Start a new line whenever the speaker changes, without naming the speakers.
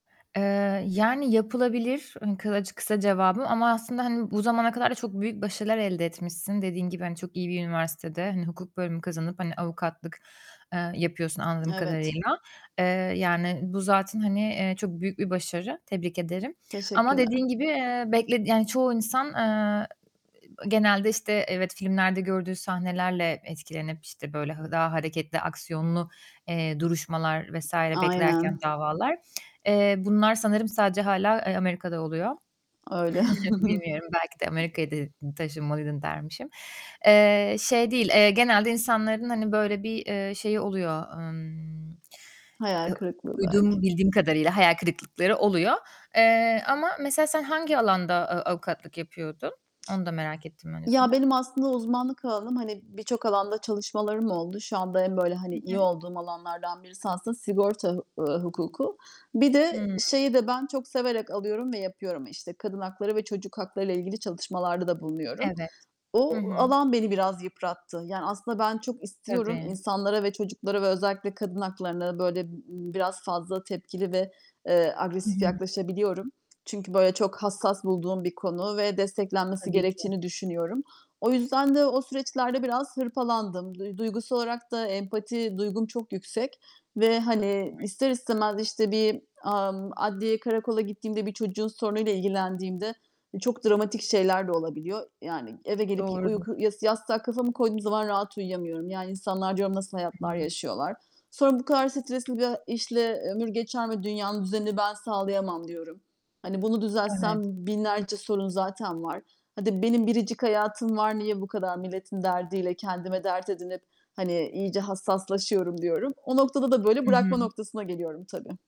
Eee, yani, yapılabilir, hani, kılac kısa cevabım. Ama aslında, hani, bu zamana kadar da çok büyük başarılar elde etmişsin. Dediğin gibi, hani, çok iyi bir üniversitede, hani, hukuk bölümü kazanıp, hani, avukatlık, eee, yapıyorsun anladığım
Evet.
kadarıyla. Eee, yani, bu zaten, hani, eee, çok büyük bir başarı. Tebrik ederim. Ama
Teşekkürler.
dediğin gibi, eee, bekledi yani, çoğu insan, eee, genelde, işte, evet, filmlerde gördüğü sahnelerle etkilenip, işte, böyle, hı daha hareketli, aksiyonlu, eee, duruşmalar vs. beklerken,
Aynen.
davalar, eee, bunlar sanırım sadece hâlâ, eee, Amerika'da oluyor.
Öyle.
Bilmiyorum belki de Amerika'ya de taşınmalıydın dermişim. Eee, şey değil, eee, genelde insanların, hani, böyle bir, eee, şeyi oluyor. Emm,
Hayal
eee,
kırıklığı
duyduğum,
belki.
bildiğim kadarıyla hayal kırıklıkları oluyor. Eee, ama mesela sen hangi alanda, ııı, avukatlık yapıyordun? Onu da merak ettim
Ya,
öncesinde.
benim aslında uzmanlık alanım, hani, birçok alanda çalışmalarım oldu. Şu anda en, böyle,
Hı
hani,
hı.
iyi olduğum alanlardan birisi aslında sigorta hu ııı, hukuku. Bir de
Hıı.
şeyi de ben çok severek alıyorum ve yapıyorum, işte, kadın hakları ve çocuk haklarıyla ilgili çalışmalarda da bulunuyorum.
Evet. Hı
O
hı.
alan beni biraz yıprattı. Yani, aslında ben çok istiyorum
Tabii.
insanlara ve çocuklara ve özellikle kadın haklarına böyle, ııı, biraz fazla tepkili ve, eee,
Hı
agresif
hı.
yaklaşabiliyorum. Çünkü, böyle, çok hassas bulduğum bir konu ve desteklenmesi
Tabii ki.
gerektiğini düşünüyorum. O yüzden de o süreçlerde biraz hırpalandım. Duy duygusal olarak da empati duygum çok yüksek ve, hani, ister istemez, işte, bir, ımm, adliyeye, karakola gittiğimde, bir çocuğun sorunuyla ilgilendiğimde çok dramatik şeyler de olabiliyor. Yani, eve gelip ya
Doğrudur.
uyku yas yastığa kafamı koyduğum zaman rahat uyuyamıyorum. Yani, insanlar diyorum nasıl hayatlar
Hıı.
yaşıyorlar. Sonra, "Bu kadar stresli bir a işle ömür geçer mi? Dünyanın düzenini ben sağlayamam." diyorum. "Hani, bunu
Evet.
düzeltsem binlerce sorun zaten var. Hadi benim biricik hayatım var. Niye bu kadar milletin derdiyle kendime dert edinip, hani, iyice hassaslaşıyorum?" diyorum. O noktada da böyle
Hı
bırakma
hı.
noktasına geliyorum tabii.